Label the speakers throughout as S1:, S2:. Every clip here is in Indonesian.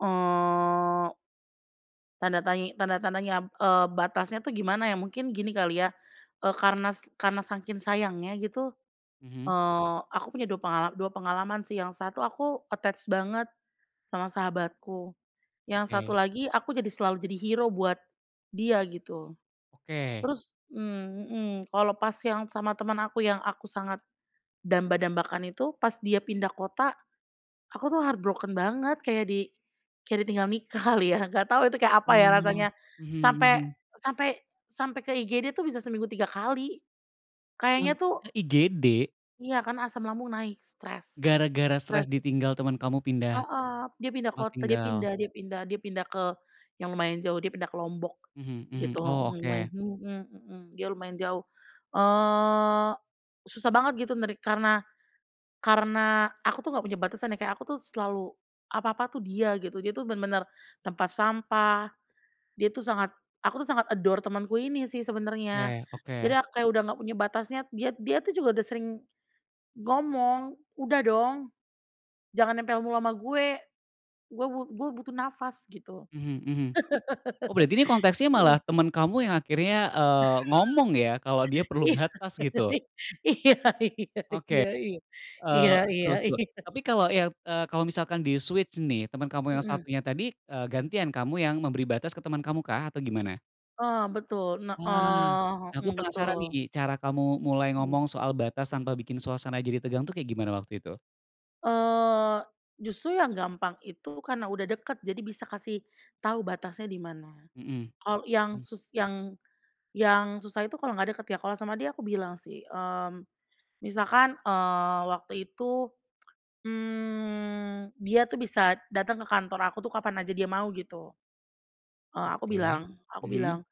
S1: Oh. Tanda tanyi tanda-tandanya b eee, batasnya tuh gimana ya, mungkin gini kali ya. Eee, karenas karena saking sayangnya gitu,
S2: Mhm.
S1: eee, aku punya dua pengala dua pengalaman sih, yang satu aku attached banget sama sahabatku. Yang satu
S2: Oke.
S1: lagi, aku jadi selalu jadi hero buat dia, gitu.
S2: Oke.
S1: Terus mmm, mhm, kalau pas yang sama teman aku yang aku sangat damba-dambakan itu, pas dia pindah kota, aku tuh heart broken banget, kayak di kayak ditinggal nikah kali ya, nggak tahu itu, kayak apa ya
S2: Oh,
S1: rasanya,
S2: mhm
S1: sampai
S2: mhm.
S1: sampai sampai ke IGD tuh bisa seminggu 3 kali. Kayaknya
S2: Sampai
S1: tuh
S2: IGD?
S1: Iya, kan asam lambung naik, stres
S2: Gara-gara stres
S1: stres sih.
S2: ditinggal teman kamu pindah,
S1: Heeh, dia pindah
S2: tempat
S1: kota, dia
S2: tinggal?
S1: pindah dia pindah dia pindah ke yang lumayan jauh, dia pindah ke Lombok,
S2: Mhm mhm,
S1: gitu.
S2: oh
S1: Mhm, wen
S2: oke.
S1: mhm mhm, dia lumayan jauh. Eee, susah banget gitu nerik karena karena aku tuh nggak punya batasan ya, kayak aku tuh selalu apa-apa tuh dia, gitu. Dia tuh benar benar tempat sampah, dia tuh sangat aku tuh sangat adore temanku ini sih sebenarnya.
S2: Oke
S1: Jadi
S2: oke.
S1: ak kayak udah nggak punya batasnya. Diat dia tuh juga udah sering, ngomong, "Udah dong, jangan nempel mulu sama gue. Gue bu gue butuh nafas." gitu.
S2: Mhm mhm. Oh berarti ini konteksnya malah
S1: Mhm.
S2: temen kamu yang akhirnya, eee, ngomong ya, kalau dia perlu batas gitu?
S1: Iya ih.
S2: Oke,
S1: Iya iya iya iya. Iya
S2: eee,
S1: iya
S2: seru seru,
S1: iya.
S2: tapi kalau yang, eee, kalau misalkan di-switch nih, temen kamu yang
S1: Mmm.
S2: satunya tadi, eee, gantian kamu yang memberi batas ke temen kamu kah atau gimana?
S1: Oh betul, nah
S2: Ah.
S1: eee,
S2: Nah aku
S1: hmm,
S2: penasaran
S1: betul.
S2: nih, cara kamu mulai
S1: Mhm.
S2: ngomong soal batas tanpa bikin suasana jadi tegang tuh kayak gimana waktu itu?
S1: Eee, justru yang gampang itu karena udah deket, jadi bisa kasih tau batasnya di mana.
S2: Mhm,
S1: Kalau yang
S2: hmm.
S1: sus yang yang susah itu kalau nggak deket ya, kalau sama dia aku bilang sih, mmm, misalkan, eee, waktu itu, mmm, dia tuh bisa datang ke kantor aku kapan aja dia mau, gitu. Eee, aku
S2: Oke,
S1: bilang aku
S2: mhm.
S1: bilang,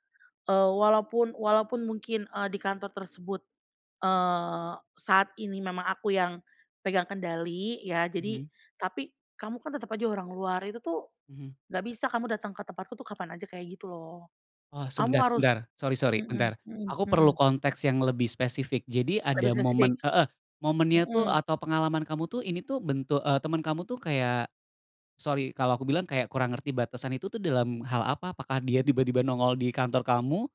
S1: eee, "Walaupun walaupun mungkin, eee, di kantor tersebut, eee, saat ini memang aku yang pegang kendali, ya jadi
S2: Mhm.
S1: tapi kamu kan tetap aja orang luar. Itu tuh
S2: Mhm.
S1: nggak bisa kamu dateng ke tempatku tuh kapan aja, kayak gitu loh.
S2: Oh,
S1: Kamu
S2: sebentar
S1: harus"
S2: sebentar, sorry sorry,
S1: mhm
S2: bentar.
S1: mhm
S2: Aku perlu
S1: mhm.
S2: konteks yang lebih spesifik. Jadi
S1: Lebih
S2: ada
S1: spesifik
S2: momen heeh, momennya tuh
S1: hmm.
S2: atau pengalaman kamu tuh, ini tuh, bentu eee, temen kamu tuh kayak sorry kalau aku bilang kayak, kurang ngerti batasan itu dalam hal apa, apakah dia tiba-tiba nongol di kantor kamu?